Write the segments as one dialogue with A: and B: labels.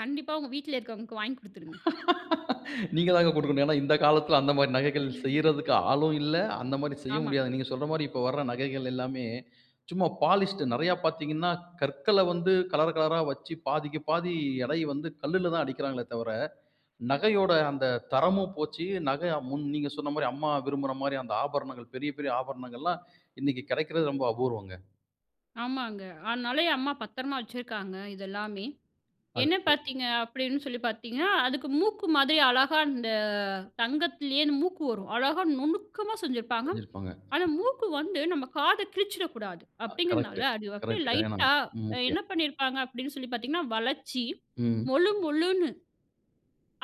A: கண்டிப்பா உங்க வீட்ல இருக்கவங்களுக்கு வாங்கி குடுத்துருங்க.
B: நீங்கதாங்க கொடுக்கணும். ஏன்னா இந்த காலத்துல அந்த மாதிரி நகைகள் செய்யறதுக்கு ஆளும் இல்ல. அந்த மாதிரி செய்ய
A: ஆமா.
B: முடியாது. நீங்க சொல்ற மாதிரி இப்போ வர்ற நகைகள் எல்லாமே, சும்மா பாலிஷ்டு. நிறைய பார்த்தீங்கன்னா, கற்களை வந்து கலர் கலராக வச்சு பாதிக்கு பாதி எடை வந்து கல்லுல தான் அடிக்கிறாங்களே தவிர, நகையோட அந்த தரமும் போச்சு. நகை முன் நீங்க சொன்ன மாரி, அம்மா விரும்புற மாரி அந்த ஆபரணங்கள், பெரிய பெரிய ஆபரணங்கள்லாம் இன்னைக்கு கிடைக்கிறது ரொம்ப அபூர்வம்ங்க.
A: ஆமாங்க. அதனால எ அம்மா பத்திரமா வச்சிருக்காங்க இதெல்லாமே.
B: அது
A: என்ன
B: சரி.
A: பார்த்தீங்க அப்படின்னு சொல்லி பார்த்தீங்கன்னா, அதுக்கு மூக்கு மாதிரி அழகா இந்த தங்கத்திலேயே மூக்கு வரும். அழகா நுணுக்கமா செஞ்சிருப்பாங்க.
B: செஞ்சிருப்பாங்க.
A: அந்த மூக்கு வந்து நம்ம காத கிழிச்சிடக்கூடாது
B: கரெக்ட்
A: அப்படிங்கிறதுனால, அது அப்படி
B: கரெக்ட் கரெக்ட். ஏன்னா
A: லைட்டா என்ன
B: முக்கியம்.
A: பண்ணிருப்பாங்க அப்படின்னு சொல்லி பாத்தீங்கன்னா, வளைச்சி
B: ம்.
A: மொளு மொளுனு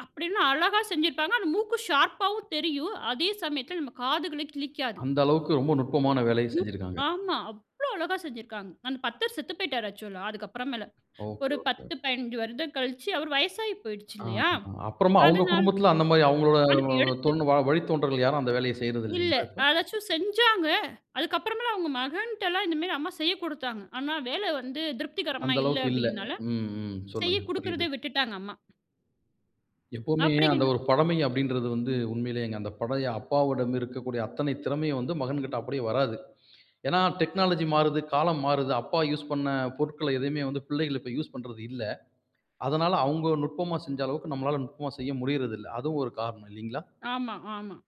A: அப்படின்னு அழகா செஞ்சிருப்பாங்க. அந்த மூக்கு ஷார்ப்பாவும் தெரியும், அதே சமயத்துல நம்ம காதுகளையும் கிழிக்காது.
B: அந்த அளவுக்கு ரொம்ப நுட்பமான வேலையைச் செஞ்சிருக்காங்க.
A: ஆமா. அவ்வளவு அழகா செஞ்சிருக்காங்க. அந்த பத்தர் செத்து போயிட்டாரு ஆக்சுவலா, அதுக்கு அப்புறமேல.
B: ஓகே
A: ஒரு
B: ஓகே.
A: 10, 15 வருடங்கள் கழிச்சு அவர் வயசாயி போயிடுச்சு இல்லையா?
B: ஆமா, அப்புறமா அவங்க
A: அதனால
B: குடும்பத்துல அந்த மாதிரி அவங்களோட
A: அதுக்கு எடுத்து
B: தோன் வழித்தோன்றல்கள் யாரும் அந்த வேலையை செய்யறது
A: இல்ல,
B: இல்லைங்களா இப்போ?
A: அதாச்சும் செஞ்சாங்க. அதுக்கு அப்புறமேல அவங்க மகன்ட்டலாம் இந்த மாதிரி அம்மா செய்யக் குடுத்தாங்க. ஆனா வேலை வந்து திருப்திகரமா
B: அந்த
A: இல்ல
B: அளவுக்கு இல்ல.
A: அப்படின்னால,
B: ம், ம். சொல்லுங்க
A: செய்யக்
B: புரியுது.
A: குடுக்கிறதே விட்டுட்டாங்க அம்மா.
B: எப்பவுமே அந்த
A: அப்படிங்க்
B: ஒரு பழமை அப்படின்றது வந்து, உண்மையிலேயேங்க அந்த பழைய அப்பாவோட இருக்கக்கூடிய அத்தனை திறமையும் மகன்கிட்ட அப்படியே வராது. ஏன்னா டெக்னாலஜி மாறுது, காலம் மாறுது. அப்பா யூஸ் பண்ண பொருட்களை எதுவுமே வந்து பிள்ளைகள் இப்ப யூஸ் பண்றது இல்லை. அதனால அவங்க நுட்பமா செஞ்ச அளவுக்கு நம்மளால நுட்பமா செய்ய முடியறது இல்லை. அதுவும் ஒரு காரணம் இல்லிங்களா?
A: ஆமா, ஆமா.